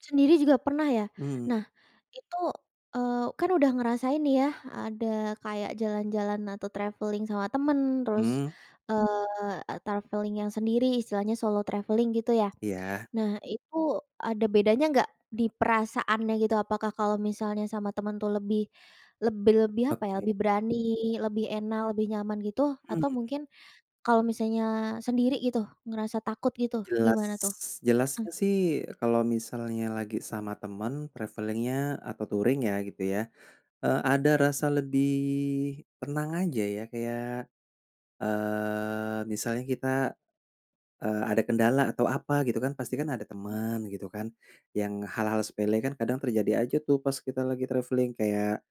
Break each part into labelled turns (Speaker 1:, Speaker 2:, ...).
Speaker 1: Sendiri juga pernah ya?
Speaker 2: Mhm.
Speaker 1: Nah, itu, eee, kan udah ngerasain nih ya, ada kayak jalan-jalan atau traveling sama teman, terus,
Speaker 2: Hmm.
Speaker 1: eee, traveling yang sendiri, istilahnya solo traveling gitu ya.
Speaker 2: Iya.
Speaker 1: Nah itu, ada bedanya nggak di perasaannya gitu, apakah kalau misalnya sama teman tuh lebih lebih lebih apa ya,
Speaker 2: Oke.
Speaker 1: lebih berani, lebih enak, lebih nyaman gitu atau
Speaker 2: Hmm.
Speaker 1: mungkin kalau misalnya sendiri gitu, ngerasa takut gitu,
Speaker 2: Jelas
Speaker 1: gimana tuh? Mhm.
Speaker 2: jelasnya sih kalau misalnya lagi sama teman, traveling-nya atau touring ya gitu ya, eee, ada rasa lebih tenang aja ya kayak, eee, misalnya kita, eee, ada kendala atau apa gitu kan, pasti kan ada teman, gitu kan. Yang hal-hal sepele kan kadang terjadi aja tuh pas kita lagi traveling, kayak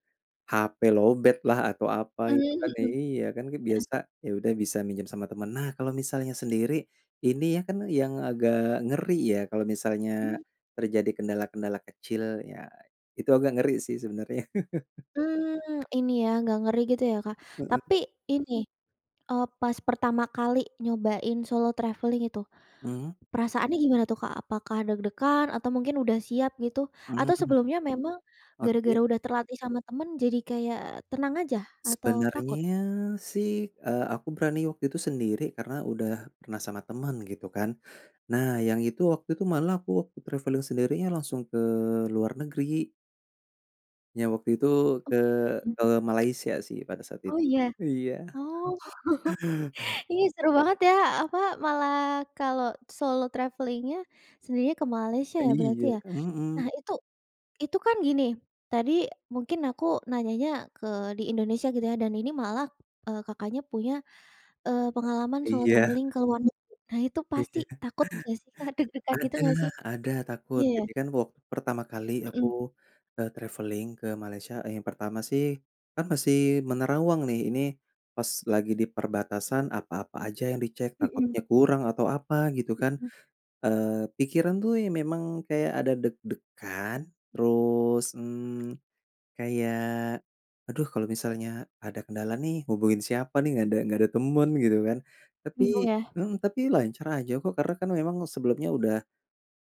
Speaker 2: HP lowbat lah atau apa
Speaker 1: Mmm,
Speaker 2: gitu kan
Speaker 1: mhm.
Speaker 2: iya, kan kan
Speaker 1: Heeh.
Speaker 2: biasa, ya udah bisa minjem sama teman. Nah kalau misalnya sendiri, ini ya kan yang agak ngeri ya, kalau misalnya
Speaker 1: Mmm.
Speaker 2: terjadi kendala-kendala kecil, ya, itu agak ngeri sih sebenarnya.
Speaker 1: Mmm. Ini ya, agak ngeri gitu ya Kak.
Speaker 2: Heeh.
Speaker 1: Tapi ini, eee, pas pertama kali nyobain solo traveling itu,
Speaker 2: Mhm.
Speaker 1: perasaannya gimana tuh Kak, apakah deg-degan atau mungkin udah siap gitu,
Speaker 2: Mhm,
Speaker 1: atau sebelumnya memang
Speaker 2: oke.
Speaker 1: gara-gara udah terlatih sama teman, jadi kayak tenang aja, atau takut?
Speaker 2: Sebenarnya sih, eee, aku berani waktu itu sendiri karena udah pernah sama teman, gitu kan. Nah yang itu waktu itu malah aku waktu traveling sendirinya langsung ke luar negeri. Yang waktu itu
Speaker 1: Oh,
Speaker 2: ke
Speaker 1: iya?
Speaker 2: ke Malaysia sih pada saat
Speaker 1: Oh,
Speaker 2: itu
Speaker 1: iya?
Speaker 2: iya.
Speaker 1: Oh. Ih, seru banget ya, apa, malah kalau solo traveling-nya sendiri ke Malaysia ya berarti
Speaker 2: Iya,
Speaker 1: ya.
Speaker 2: ka mhm.
Speaker 1: Nah itu itu kan gini, tadi mungkin aku nanyanya ke di Indonesia gitu ya, dan ini malah, eee, Kakaknya punya, eee, pengalaman solo
Speaker 2: Iya.
Speaker 1: traveling ke luar negeri. Nah itu pasti
Speaker 2: Iya.
Speaker 1: takut nggak sih Kak, deg-degan gitu
Speaker 2: Ada
Speaker 1: nggak sih?
Speaker 2: ada takut.
Speaker 1: Iya.
Speaker 2: Jadi kan waktu pertama kali aku,
Speaker 1: Mhm.
Speaker 2: eee, traveling ke Malaysia, e yang pertama sih, kan masih menerawang nih, ini pas lagi di perbatasan apa-apa aja yang dicek,
Speaker 1: Mhm.
Speaker 2: takutnya kurang atau apa gitu kan.
Speaker 1: Mhm.
Speaker 2: Eee, pikiran tuh ya memang kayak ada deg-degan, terus, mmm, kayak aduh kalau misalnya ada kendala nih hubungin siapa nih, nggak ada nggak ada teman gitu kan. Tapi
Speaker 1: Bingung ya.
Speaker 2: hmm, tapi lancar aja kok, karena kan memang sebelumnya udah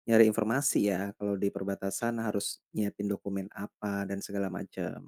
Speaker 2: nyari informasi ya, kalau di perbatasan harus nyiapin dokumen apa dan segala macam.